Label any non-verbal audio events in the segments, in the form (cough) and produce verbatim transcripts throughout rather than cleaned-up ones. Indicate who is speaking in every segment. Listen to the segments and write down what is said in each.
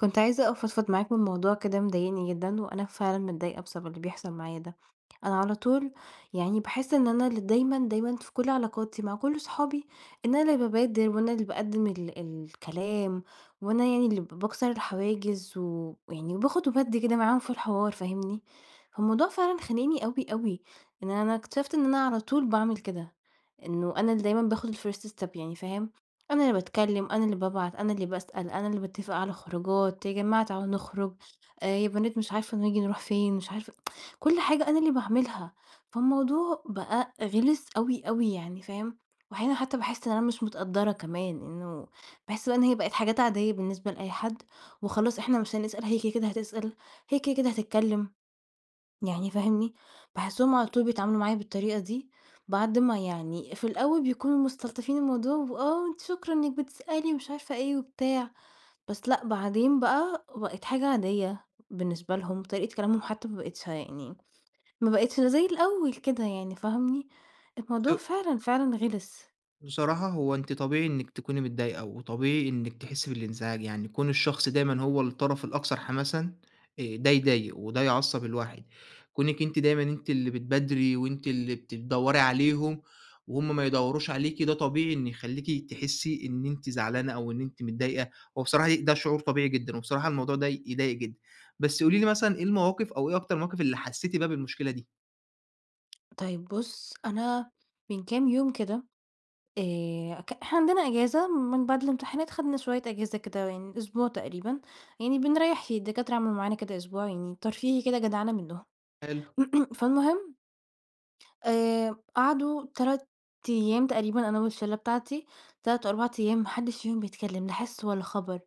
Speaker 1: كنت عايزة أفضفض معاك من موضوع كده مضايقني جدًا، وأنا فعلًا متضايقة بسبب اللي بيحصل معايا ده، أنا على طول يعني باحس إن أنا اللي دايمًا، دايمًا في كل علاقاتي مع كل أصحابي إن أنا اللي بابادر وأنا اللي باقدم ال الكلام وأنا يعني اللي ب باكسر الحواجز و ويعني وباخد وبادّي كده معاهم في الحوار فاهمني، فالموضوع فعلًا خانقني أوي أوي إن أنا اكتشفت إن أنا على طول باعمل كده، إنه أنا اللي دايمًا باخد الfirst step يعني فاهم، أنا اللي باتكلم أنا اللي بابعت أنا اللي باسأل أنا اللي باتفق على الخروجات "يا جماعة تعالوا نخرج"، "آآ يا بنات مش عارفة نيجي نروح فين" مش عارفة (tsk) كل حاجة أنا اللي باعملها فالموضوع بقى غلس أوي أوي يعني فاهم، وأحيانًا حتى باحس إن أنا مش متقدّرة كمان إنه باحس بقى إن هي بقت حاجات عادية بالنسبة لأي حد، وخلاص إحنا مش هنسأل هي كده كده هتسأل هي كده كده هتتكلم يعني فاهمني؟ باحسهم على طول بيتعاملوا معايا بالطريقة دي بعد ما يعني في الأول بيكونوا مستلطفين الموضوع وآه وأنتِ شكرًا إنِك بتسألي ومش عارفة إيه وبتاع، بس لأ بعدين بقي بقت حاجة عادية بالنسبة لهم، طريقة كلامهم حتى ما بقتش يعني ما بقتش زي الأول كده يعني فاهمني؟ الموضوع
Speaker 2: شو
Speaker 1: فعلًا فعلًا غلس.
Speaker 2: بصراحة هو أنتِ طبيعي إنك تكوني متضايقة، وطبيعي إنك تحسي بالانزعاج يعني كون الشخص دايمًا هو الطرف الأكثر حماسًا آآ ده يضايق وده يعصب الواحد، كونِك أنتِ دايمًا أنتِ اللي بتبادري وأنتِ اللي بت دوَّري عليهم وهُم ما يدوروش عليكِ ده طبيعي إنه يخليكِ تحسي إن أنتِ زعلانة، أو إن أنتِ متضايقة وبصراحة ي ده شعور طبيعي جدًا، وبصراحة الموضوع ده يضايق جدًا، بس قولي لي مثلًا إيه المواقف أو إيه أكتر المواقف اللي حسيتِ بيها بالمشكلة دي؟
Speaker 1: طيب بُص أنا من كام يوم كده آآ ك إحنا عندنا إجازة من بعد الامتحانات خدنا شوية إجازة كده يعني أسبوع تقريبًا، يعني بنريح الدكاترة عملوا معانا كده أسبوع يعني ترفيهي كده جدعنة منهم
Speaker 2: حلو.
Speaker 1: (clears throat) فالمهم آآ قعدوا تَلَت أيام تقريبًا أنا والشلة بتاعتي، تَلَت أو أربع أيام ما حدش فيهم بيتكلم لا حِس ولا خبر،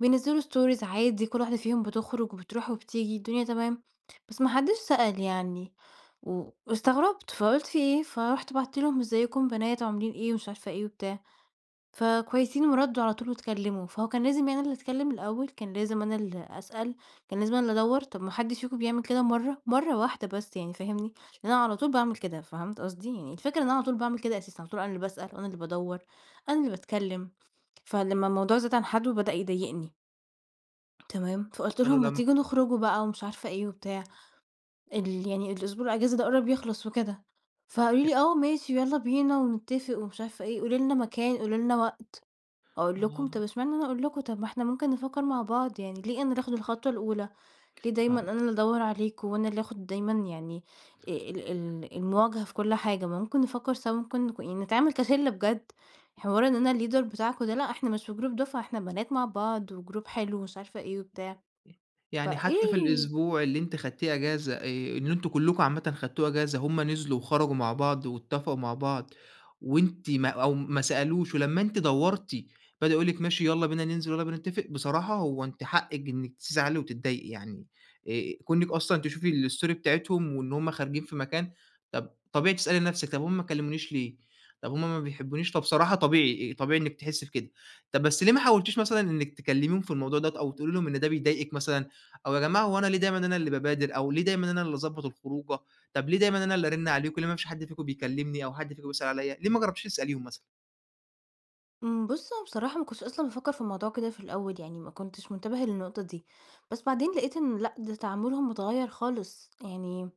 Speaker 1: بينزلوا Stories عادي كل واحدة فيهم بتخرج وبتروح وبتيجي الدنيا تمام، بس ما حدش سأل يعني و واستغربت! فقلت في إيه، فرُحت بعتّ لهم إزيكم يا بنات عاملين إيه، ومش عارفة إيه وبتاع. ف كويسين وردوا على طول واتكلموا، فهو كان لازم يعني أنا اللي أتكلم الأول؟ كان لازم أنا اللي أسأل؟ كان لازم أنا اللي أدوَّر! طب ما حدش فيكم بيعمل كده مرة! مرة واحدة بس يعني فاهمني؟ لأن أنا على طول باعمل كده فهمت قصدي؟ يعني الفكرة إن أنا على طول باعمل كده أساسًا على طول أنا اللي باسأل أنا اللي بادوَّر أنا اللي باتكلم، فلما الموضوع زاد عن حده بدأ يضايقني. تمام فقُلت
Speaker 2: كانوا
Speaker 1: لهُم: "ما
Speaker 2: لمّا
Speaker 1: تيجوا نخرج بقى ومش عارفة إيه و بتاع، ال يعني الأسبوع الإجازة ده قرب يخلص وكده" فقالوا
Speaker 2: ي
Speaker 1: لي: "آه ماشي ويالّا بينا ونتفق ومش عارفة إيه قولي لنا مكان قولي لنا وقت" أقول لكم
Speaker 2: آه.
Speaker 1: طَب اشمعنى أنا أقول لكم طَب ما إحنا ممكن نفكر مع بعض، يعني ليه أنا اللي آخد الخطوة الأولى، ليه دايمًا
Speaker 2: آه.
Speaker 1: أنا اللي أدوّر عليكم وأنا اللي آخد دايمًا يعني آآ ال ال المواجهة في كل حاجة، ما ممكن نفكر سوا ممكن ك يعني نتعامل كشلّة بجد حوار إن أنا الleader بتاعكم ده لأ إحنا مش في group دفعة إحنا بنات مع بعض وgroup حلو مش وعارفة إيه وبتاع ف
Speaker 2: يعني حتى في
Speaker 1: إيه
Speaker 2: الأسبوع اللي أنتِ خدتيه إجازة آآ إن أنتم كلكم عامةً خدتوه إجازة هُم نزلوا وخرجوا مع بعض واتفقوا مع بعض وأنتِ ما أو ما سألوش ولمّا أنتِ دوّرتِ بدأو يقولوا لِك ماشي يالّا بينا ننزل، ويالّا بينا نتفق، بصراحة هو أنتِ حقِك إنك تزعلي وتتضايقي يعني آآ كون إنِك أصلًا تشوفي الstory بتاعتهم، وإن هُم خارجين في مكان طَب طبيعي تسألي نفسِك طَب هُم ما كلمونيش ليه؟ طَب هُم ما بيحبونيش فبصراحة طبيعي طبيعي إنِك تحسي بكده، طَب بس ليه ما حاولتيش مثلًا إنك تكلميهم في الموضوع دوّة أو تقولي لهم إن ده بيضايقِك مثلًا، أو يا جماعة هوأنا ليه دايمًا أنا اللي بابادر، أو ليه دايمًا أنا اللي أضبط الخروجة، طَب ليه دايمًا أنا اللي أرن عليكم ليه ما فيش حد فيكم بيكلمني، أو حد فيكم بيسأل عليّا ليه ما جربتيش تسأليهم مثلًا؟
Speaker 1: إمم، بُص أنا بصراحة ما كنتش أصلًا بافكر في الموضوع كده في الأول يعني، ما كنتش منتبهة للنقطة دي، بس بعدين لقيت إن لأ، ده تعاملهم متغيّر خالص. يعني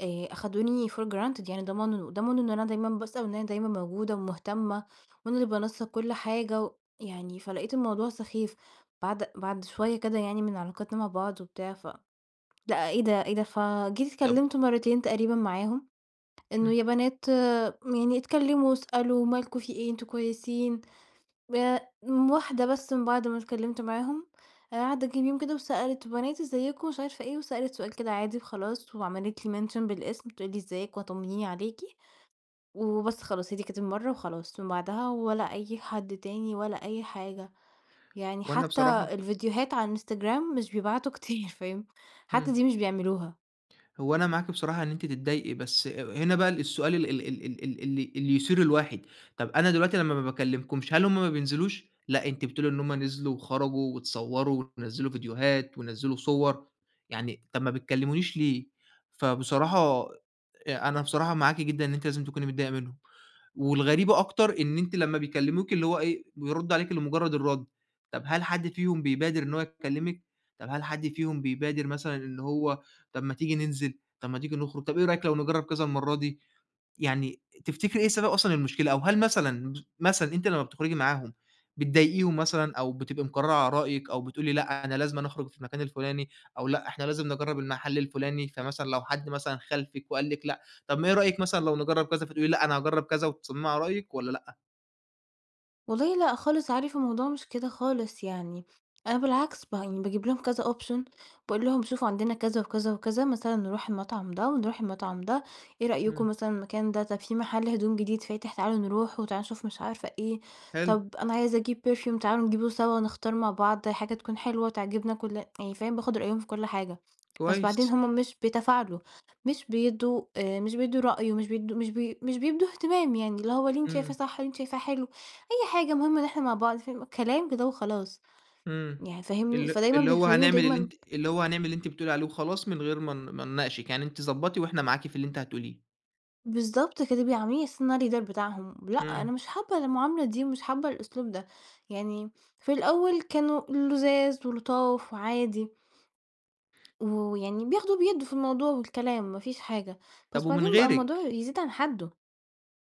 Speaker 1: آآ أخدوني for granted يعني، ضمنوا ضمنوا إن أنا دايمًا باسأل، وإن أنا دايمًا موجودة ومهتمة، وأنا اللي بانسق كل حاجة و يعني، فلاقيت الموضوع سخيف. بَعد بَعد شوية كده يعني من علاقاتنا مع بعض وبتاع، فلأ، إيه ده، إيه ده، فجيت
Speaker 2: طَب
Speaker 1: اتكلمت مرتين تقريبًا معاهم، إنّه
Speaker 2: إمم.
Speaker 1: يا بنات، م يعني اتكلموا واسألوا، مالكوا، في إيه، أنتم كويسين، آآ م واحدة بس من بَعد ما اتكلمت معاهم، آآ عدّى كام يوم كده وسألت، بنات إزيكوا، مش عارفة إيه، وسألت سؤال كده عادي وخلاص، وعملت لي mention بالاسم، بتقول لي إزيك وطمنيني عليكِ، وبس خلاص، هي دي كانت المرّة وخلاص، من بعدها ولا أي حد تاني، ولا أي حاجة، يعني
Speaker 2: وأنا
Speaker 1: حتّى
Speaker 2: بصراحة.
Speaker 1: الفيديوهات على الإنستجرام مش بيبعتوا كتير، فاهم، حتّى
Speaker 2: إمم.
Speaker 1: دي مش بيعملوها.
Speaker 2: هو أنا معاكِ بصراحة إن أنتِ تتضايقي، بس هنا بقى ال السؤال ال ال ال ال اللي اللي يثير الواحد. طَب أنا دلوقتي لما ما باكلمكمش، هل همّ ما بينزلوش؟ لأ، أنتِ بتقولي إن همّ نزلوا وخرجوا واتصوروا، ونزّلوا فيديوهات ونزّلوا صور، يعني طَب ما بتكلمونيش ليه؟! فبصراحة آآ أنا بصراحة معاكِ جدًا إن أنتِ لازم تكوني متضايقة منّهم. والغريبة أكتر إن أنتِ لما بيكلموكِ، اللي هو إيه، بيردوا عليكِ لمجرد الرد. طَب هل حد فيهم بيبادر إن هو يكلمِك؟ طَب هل حد فيهم بيبادر مثلًا إن هو، طَب ما تيجي ننزل، طَب ما تيجي نخرج، طَب إيه رأيِك لو نجرّب كذا المرّة دي. يعني تفتكري إيه سبب أصلًا المشكلة، أو هل مثلًا، مثلًا أنتِ لما بتخرجي معاهم بتضايقيهم مثلًا، أو بتبقى مقررة على رأيك، أو بتقولي لأ أنا لازمًا أخرج في المكان الفلاني، أو لأ إحنا لازم نجرّب المحل الفلاني، فمثلًا لو حد مثلًا خالفِك وقال لِك لأ، طَب ما إيه رأيِك مثلًا لو نجرّب كذا، فتقولي لأ أنا هاجرب كذا، وتصممي علي رأيِك، والّا لأ؟
Speaker 1: والله لأ خالص عارف الموضوع مش كده خالص، يعني أنا بالعكس، بان باجيب لهم كذا Option، باقول لهم: "شوفوا عندنا،" كذا وكذا وكذا. مثلًا نروح المطعم ده ونروح المطعم ده. "إيه رأيكم
Speaker 2: إمم.
Speaker 1: مثلًا المكان ده؟ طَب في مَحَل هدوم جديد فاتح، تعالوا نروحه وتعالوا نشوف." مش عارفة إيه.
Speaker 2: حلو.
Speaker 1: "طَب أنا عايزة أجيب Perfume تعالوا نجيبه سوا ونختار مع بعض حاجة تكون حلوة وتعجبنا كل" يعني فاهم باخُد رأيهم في كل حاجة. بس بعدين
Speaker 2: كويس.
Speaker 1: هم مش بيتفاعلوا، مش بيدّوا آآ مش بيدّوا رأي ومش بيدّوا مش بي مش بيبدوا اهتمام يعني، اللي هو "اللي أنتِ شايفاه
Speaker 2: إمم.
Speaker 1: صح، اللي أنتِ شايفاه حلو، أي حاجة المهم إن إحنا مع بعض." فاهم، كلام كده وخلاص
Speaker 2: إمم.
Speaker 1: يعني فاهمني؟
Speaker 2: ال
Speaker 1: فدايمًا
Speaker 2: اللي هو
Speaker 1: بيخلّوني
Speaker 2: هنعمل اللي
Speaker 1: دايمًا
Speaker 2: أنتِ اللي هو هنعمل اللي أنتِ بتقولي عليه وخلاص، من غير ما ن ما نناقشِك، يعني أنتِ ضبّطي وإحنا معاكِ في اللي أنتِ هتقوليه.
Speaker 1: بالضبط كده. بيعاملوني على أساس إن أنا الLeader بتاعهم، ب لأ،
Speaker 2: إمم.
Speaker 1: أنا مش حابّة المعاملة دي ومش حابة الأسلوب ده. يعني في الأول كانوا لُذاذ ولُطاف وعادي و ويعني بياخدوا وبيدّوا في الموضوع والكلام ما فيش حاجة، بس
Speaker 2: طَب ومن
Speaker 1: بعدين بقى الموضوع
Speaker 2: غيرِك؟
Speaker 1: يزيد عن حدُّه.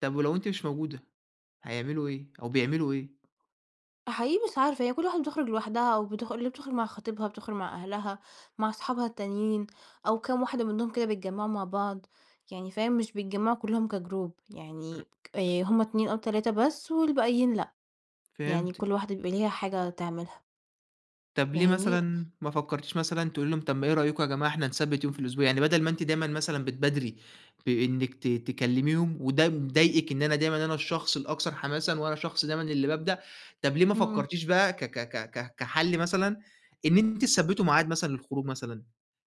Speaker 2: طَب ولو أنتِ مش موجودة، هيعملوا إيه أو بيعملوا إيه؟
Speaker 1: فحقيقي مش عارفة، هي كل واحدة بتخرُج لوحدها أو بتخ اللي بتخرُج مع خطبيها، بتخرُج مع أهلها، مع اصحابها التانيين أو كام واحدة منّهم كده بيتجمّعوا مع بعض، يعني فاهم، مش بيتجمعوا كُلّهم كGroup. يعني ك آآ
Speaker 2: (unintelligible)
Speaker 1: هم اتنين أو تلاتة بس والباقيين لأ، يعني كل
Speaker 2: فهمتِك.
Speaker 1: واحدة بيبقى ليها حاجة تعملها.
Speaker 2: طَب ليه
Speaker 1: فاهمني؟
Speaker 2: مثلًا ما فكّرتيش مثلًا تقولي لهم، طَب ما إيه رأيكم يا جماعة إحنا نثبِّت يوم في الأسبوع؟ يعني بَدَل ما أنتِ دايمًا مثلًا بتبادري بإنِّك ت تكلّميهم وده مضايقِك، إن أنا دايمًا أنا الشخص الأكثر حماسًا وأنا شخص دايمًا اللي بابدأ، طَب ليه ما
Speaker 1: إمم.
Speaker 2: فكّرتيش بقى ك ك ك ك كحَل مثلًا إن أنتِ تثبّتوا معاد مثلًا للخروج مثلًا؟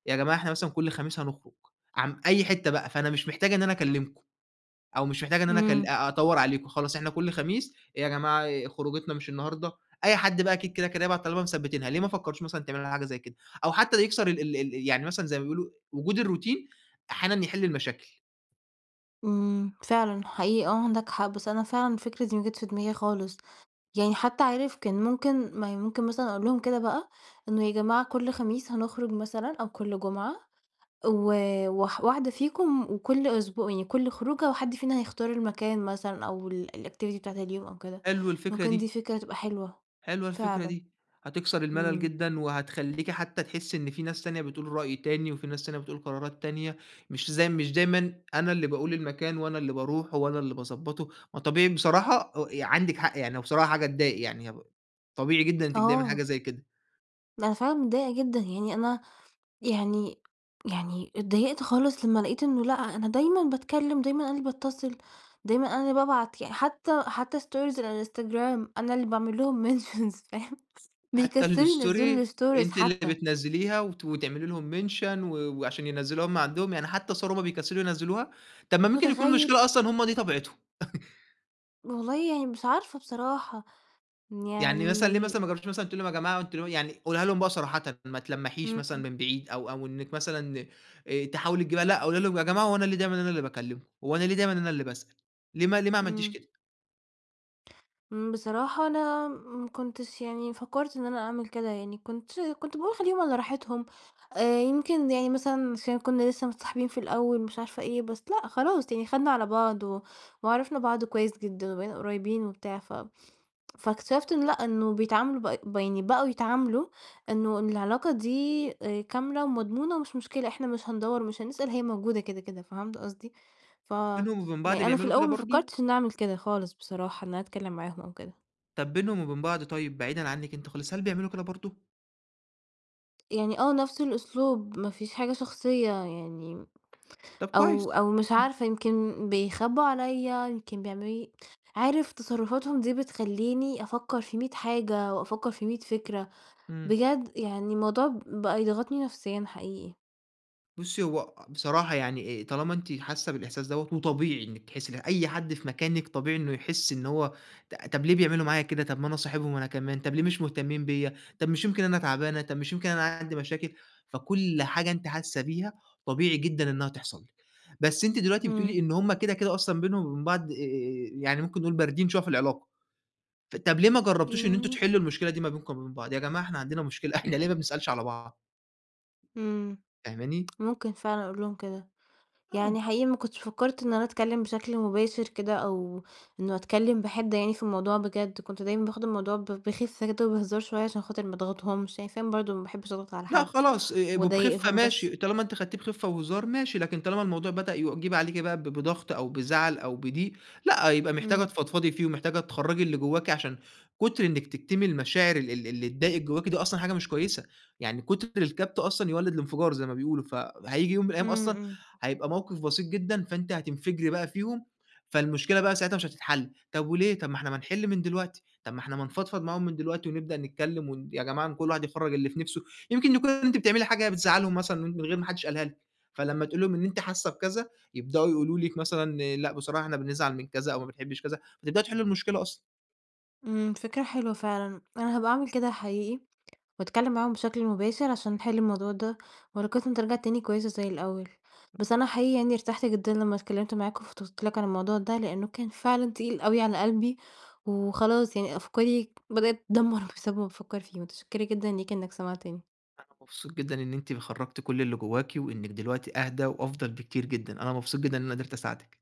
Speaker 2: يا جماعة إحنا مثلًا كل خميس هنخرُج، عم أي حتّة بقى، فأنا مش محتاجة إن أنا أكلّمكم أو مش محتاجة إن أنا أكل
Speaker 1: إمم.
Speaker 2: أ أدوَّر عليكم خلاص إحنا كل خميس يا جماعة ي خروجتنا مش النهارده؟ أي حد بقى أكيد كده، كده هيبعت طالما مثبّتينها، ليه ما فكّرتوش مثلًا تعملوا ل حاجة زي كده؟ أو حتّى يكسّر ال ال ال يعني مثلًا زي ما بيقولوا وجود الروتين، أحيانًا يحِل المشاكل.
Speaker 1: إمم فعلًا حقيقي آه عندك حق بس أنا فعلًا الفكرة دي ما جتش في دماغي خالص، يعني حتى عارف كان ممكن ما هي ممكن مثلًا أقول لهم كده بقى إنه يا جماعة كل خميس هنخرج مثلًا أو كل جمعة و واح واحدة فيكم وكل أسبو يعني كل خروجة وحد فينا هيختار المكان مثلًا أو ال الactivity بتاعة اليوم أو كده،
Speaker 2: حلو الفكرة
Speaker 1: ممكن دي
Speaker 2: دي.
Speaker 1: فكرة تبقى حلوة
Speaker 2: حلوة الفكرة
Speaker 1: فعلًا.
Speaker 2: دي، هتكسر الملل
Speaker 1: إمم.
Speaker 2: جدًا، وهتخلّيكِ حتى تحسّي إن في ناس تانية بتقول رأي تاني وفي ناس تانية بتقول قرارات تانية مش زي مش دايمًا أنا اللي باقول المكان وأنا اللي باروحه وأنا اللي باضبطه، ما طبيعي بصراحة أ ي عندِك حق يعني هو بصراحة حاجة تضايق يعني هو طبيعي جدًا إنِّك تضايقي من حاجة
Speaker 1: آه.
Speaker 2: زي كده.
Speaker 1: أنا فعلًا متضايقة جدًا، يعني أنا يعني يعني اتضايقت خالص لما لقيت إنه لأ أنا دايمًا باتكلّم دايمًا أنا اللي باتّصل، دايمًا أنا اللي بابعت يعني حتى حتى stories الإنستجرام أنا اللي باعمل لهم mentions فاهم،
Speaker 2: حتى
Speaker 1: بيكسّلوا ينزِّلوا
Speaker 2: الstory
Speaker 1: الstories
Speaker 2: أنتِ اللي
Speaker 1: حتى.
Speaker 2: بتنزليها وت وتعملي لهم mention و وعشان ينزّلوه هم عندهم، يعني حتى الصور هُم بيكسّلوا ينزلوها، طب ما ممكن يكون
Speaker 1: متخيّل!
Speaker 2: المشكلة أصلًا هُم دي طبيعتهم (chuckles)
Speaker 1: والله يعني مش عارفة بصراحة،
Speaker 2: يعني مثلًا ليه
Speaker 1: يعني
Speaker 2: مثلًا ما جرَّبتِيش مثلًا تقولي لهُم: "يا جماعة أنتُم ل" يعني قوليها لهُم بقى صراحةً، ما تلمِّحيش مثلًا
Speaker 1: إمم.
Speaker 2: من بعيد، أو أو إنَّك مثلًا آآ تحاولي تجيبيها، لأ قولي لهُم: "يا جماعة هو أنا ليه دايمًا اللي أنا باكلمكم؟ هو أنا ليه دايمًا اللي أنا اللي باسأَل؟" ليه ما ليه ما عملتِيش
Speaker 1: إمم.
Speaker 2: كده؟
Speaker 1: إمم، بصراحة أنا ما كنتش يعني فكَّرت إن أنا أعمل كده يعني، كنت ش كنت باقول خلِّيهم على راحتهم. آآ، يمكن يعني مثلًا عشان كنّا لسَّه متصاحِبين في الأوَّل، مش عارفة إيه، بس لأ، خلاص يعني خدنا على بعض، و وعرَفنا بعض كويِس جدًا وبقينا قريِبين وبتاع. ف (tsk) فاكتشَفِت إنه لأ، إنه بيتعاملوا ب بي يعني بقوا يتعاملوا إنه إن العلاقة دي آآ كاملة ومضمونة ومش مشكلة، إحنا مش هندوَّر، ومش هنسأَل، هي موجودة كده كده. فهَمت قصدي؟
Speaker 2: بينهم وبين بعض
Speaker 1: فيعني أنا في
Speaker 2: بيعملوا كده
Speaker 1: الأوَّل ما
Speaker 2: برضه؟
Speaker 1: فكَّرتِش إن أعمل كده خالص بصراحة، إن أنا أتكلَّم معاهم أو كده.
Speaker 2: طَب بينهم وبين بعض طيب، بعيدًا عنك أنتِ خالص، هل بيعملوا كده برضه؟
Speaker 1: يعني آه، نفس الأسلوب، ما فيش حاجة شخصية يعني
Speaker 2: طَب كويس.
Speaker 1: أو أو مش
Speaker 2: اهم.
Speaker 1: عارفة، يمكن بيخبوا عليّا، يمكن بيعمَّلوا لي عارِف تصرُّفاتهم دي بتخلِّيني أفكر في مِية حاجة، وأفكر في مِية فكرة،
Speaker 2: إمم.
Speaker 1: بجد يعني الموضوع بقى يضغطني نفسيًا حقيقي.
Speaker 2: بُصي، هو بصراحة يعني إيه، طالما أنتِ حاسة بالإحساس دوّة، وطبيعي إنِك تحسي ده، أي حد في مكانِك طبيعي إنه يحس إن هو، ط طب ليه بيعملوا معايا كده؟ طب ما أنا صاحبهم أنا كمان، طب ليه مش مهتمين بيّا؟ طب مش يمكن أنا تعبانة؟ طب مش يمكن أنا عندي مشاكل؟ فكل حاجة أنتِ حاسة بيها طبيعي جدًا إنها تحصل لِك، بس أنتِ دلوقتي بتقولي
Speaker 1: امم.
Speaker 2: إن هم كده، كده أصلًا، بينهم وبين بعض، آآ يعني ممكن نقول باردين شوية في العلاقة، ط طب ليه ما جربتوش إن أنتم
Speaker 1: يعني
Speaker 2: تحلوا المشكلة دي ما بينكم وبين بعض؟ يا جماعة، إحنا عندنا مشكلة، إحنا ليه ما بنسألش على بعض؟
Speaker 1: امم،
Speaker 2: فاهماني؟
Speaker 1: ممكن فعلًا أقول لهم كده يعني،
Speaker 2: آه.
Speaker 1: حقيقي ما كنتش فكرت إن أنا أتكلم بشكل مباشر كده، أو إنه أتكلم بحدة يعني في الموضوع بجد. كنت دايمًا باخد الموضوع ب بخفه كده وبهزار شوية، عشان خاطر ما اضغطهمش، عشان فعلًا برضه ما باحبش أضغط على
Speaker 2: لأ
Speaker 1: حد
Speaker 2: خلاص، آآ وبخفة
Speaker 1: وأضايقهم بس.
Speaker 2: ماشي، طالما أنتِ خدتيه بخفة وهزار ماشي، لكن طالما الموضوع بدأ يجيب عليكِ بقى ب بضغط أو بزعل أو بضيق، لأ، يبقى محتاجة
Speaker 1: امم.
Speaker 2: تفضفضي فيه، ومحتاجة تخرجي اللي جواكِ، عشان كتر إنك تكتمي المشاعر ال ال اللي تضايقِك جواكِ دي أصلًا حاجة مش كويسة. يعني كتر الكبت أصلًا يولِّد الانفجار، زي ما بيقولوا، فهييجي يوم من الأيام
Speaker 1: امم،
Speaker 2: أصلًا،
Speaker 1: امم.
Speaker 2: هيبقى موقف بسيط جدًا، فأنتِ هتنفجري بقى فيهم، فالمشكلة بقى ساعتها مش هتتحل. طب وليه؟ طب ما إحنا ما نحل من دلوقتي، طب ما إحنا ما نفضفض معاهم من دلوقتي، ونبدأ نتكلم، ون يا جماعة، كل واحد يخرّج اللي في نفسه. يمكن يكون أنتِ بتعملي حاجة بتزعلهم مثلًا، من غير ما حدش قالها لِك، فلما تقولي لهم إن أنتِ حاسة بكذا، يبدأوا يقولوا لِك مثلًا، لأ بصراحة إحنا بنزعل من كذا، أو ما بنحبش كذا، فتبدأوا تحلوا المشكلة أصلًا.
Speaker 1: امم، فكرة حلوة فعلًا، أنا هابقى أعمل كده حقيقي، وأتكلم معاهم بشكل مباشر، عشان نحل الموضوع ده، وعلاقتنا ترجع تاني كويسة زي الأول. بس أنا حقيقي يعني، ارتحت جدًا لما اتكلمت معاك وفضفت لك عن الموضوع ده، لأنه كان فعلًا تقيل أوي على قلبي، وخلاص يعني أفكاري بدأت تتدمر بسبب إن بافكر فيه. متشكرة جدًا ليك إنك سمعتني.
Speaker 2: أنا مبسوط جدًا إن أنتِ خرجتِ كل اللي جواكِ، وإنِك دلوقتي أهدا وأفضل بكتير جدًا. أنا مبسوط جدًا إن أنا قدرت أساعدِك.